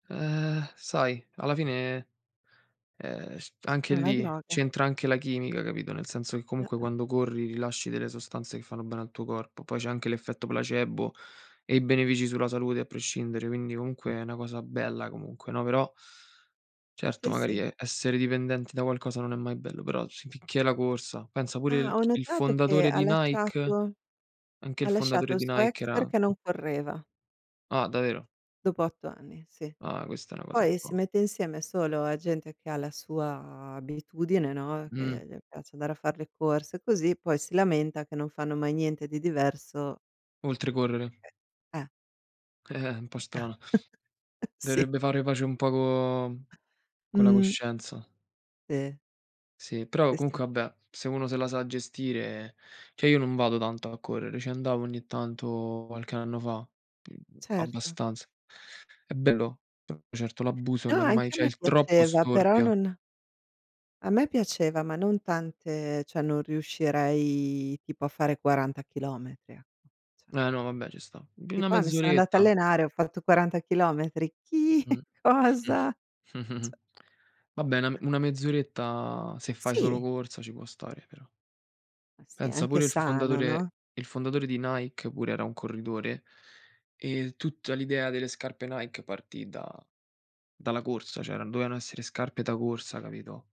Ehm, sai alla fine, ehm, c È anche una lì, droga. c'entra anche la chimica capito? Nel senso che comunque Eh-eh. quando corri, rilasci delle sostanze che fanno bene al tuo corpo. Poi c'è anche l'effetto placebo e i benefici sulla salute a prescindere quindi comunque è una cosa bella comunque, no? Però certo Sì, magari sì. e essere dipendenti da qualcosa non è mai bello, però si finché è la corsa, pensa pure Ah. i Ho il notato che fondatore ha di Nike? lasciato Anche il ha lasciato fondatore il di suo Nike ex era perché non correva. Ah davvero? Dopo 8 anni, sì. Ah. Questa è una cosa un Poi si po' mette insieme solo a gente che ha la sua abitudine, no, Mh. che le piace andare a far le corse così, poi si lamenta che non fanno mai niente di diverso Oltre correre. Perchè, eh. Eh-eh, un po' strana. Sì. Dovrebbe fare pace un po' co co la Mh. coscienza. Sì. Sì, però Sì, sì. comunque vabbè, se uno se la sa gestire, cioè io non vado tanto a correre, ci andavo ogni tanto qualche anno fa, [unintelligible] Certo. abbastanza. È bello, no certo l'abuso No, non è mai anche a c'è me il troppo piaceva però storpia. non a me piaceva, ma non tante cioè non riuscirei tipo a fare 40 km ecco, cioè Eh no vabbè, ci sta. Uhm, Che una poi mi sono andata a mezz'oretta. allenare, ho fatto 40 km. Chi? Mh. Cosa? Cioè. Vabbè, na una mezz'oretta se fai solo Sì. corsa ci può stare però. Ma sì, è Pensa anche pure il sano, no? fondatore il fondatore di Nike pure era un corridore. Ehm, tutta l'idea delle scarpe Nike partì da dalla corsa, cioè dovevano essere scarpe da corsa, capito?